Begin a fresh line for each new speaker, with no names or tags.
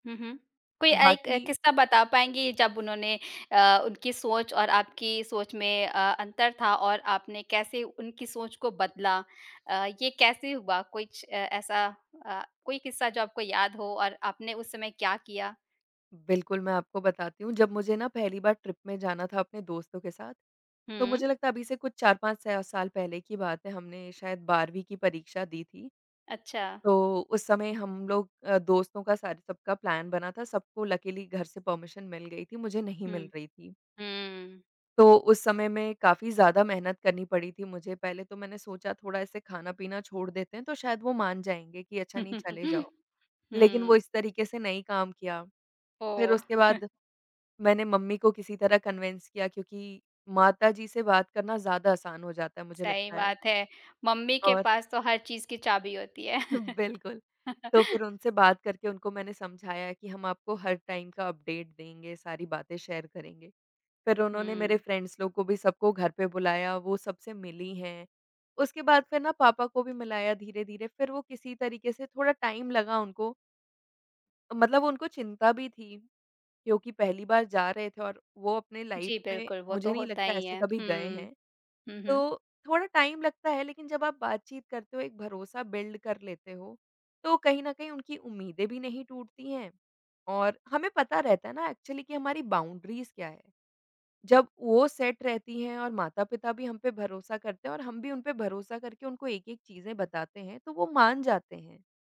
हुँ, हुँ। कोई एक
बाकी
किस्सा बता पाएँगी जब उन्होंने अ, उनकी सोच और आपकी सोच में अ, अंतर था और आपने कैसे उनकी सोच को बदला? अ, ये कैसे हुआ कुछ ए ऐसा अ, कोई किस्सा जो आपको याद हो और आपने उस समय क्या किया?
बिल्कुल, मैं आपको बताती हूँ, जब मुझे ना पहली बार ट्रिप में जाना था अपने दोस्तों के साथ, तो
हुँ।
मुझे लगता है अभी से कुछ 4-5 सा साल पहले की बात है, हमने शायद 12वीं की परीक्षा दी थी।
अच्छा।
तो उस समय हम लोग अ, दोस्तों का सारे सबका प्लान बना था, सबको लकिली घर से परमिशन मिल गई थी, मुझे नहीं
हुँ।
मिल रही थी।
हुँ।
तो उस समय में काफ़ी ज़्यादा मेहनत करनी पड़ी थी मुझे। पहले तो मैंने सोचा थोड़ा ऐसे खाना-पीना छोड़ देते हैं, तो शायद वो मान जाएँगे कि अच्छा, नहीं चले जाओ। लेकिन वो
हुँ।
इस तरीक़े से नहीं काम किया, फिर
ओह!
उसके बाद मैंने मम्मी को किसी तरह कन्विंस किया क्योंकि माता जी से बात करना ज़्यादा आसान हो जाता है, मुझे
सही
लगता है।
बात है। मम्मी के
और
पास तो हर चीज़ की चाबी होती है।
बिल्कुल, तो फिर उनसे बात करके उनको मैंने समझाया कि हम आपको हर टाइम का अपडेट देंगे, सारी बातें शेयर करेंगे। फिर उन्होंने मेरे
हुँ।
फ्रेंड्स लोग को भी सबको घर पे बुलाया, वो सबसे मिली हैं, उसके बाद फिर ना पापा को भी मिलाया धीरे-धीरे, फिर वो किसी तरीक़े से थोड़ा टाइम लगा उनको। मतलब उनको चिंता भी थी क्योंकि पहली बार जा रहे थे और वो अपने लाइफ़
जी
में
बिल्कुल। वो
मुझे
तो
नहीं
होता
लगता
ही
ऐसे
है।
कभी गए
हुँ।
हैं।
हुँ, हुँ।
तो थोड़ा टाइम लगता है लेकिन जब आप बातचीत करते हो, एक भरोसा बिल्ड कर लेते हो, तो कहीं न कहीं उनकी उम्मीदें भी नहीं टूटती हैं और हमें पता रहता है ना एक्चुअली कि हमारी बाउंड्रीज़ क्या है, जब वो सेट रहती हैं और माता-पिता भी हम पे भरोसा करते हैं और हम भी उनपे भरोसा करके उनको एक-एक चीजें बताते हैं, तो वो मान जाते हैं।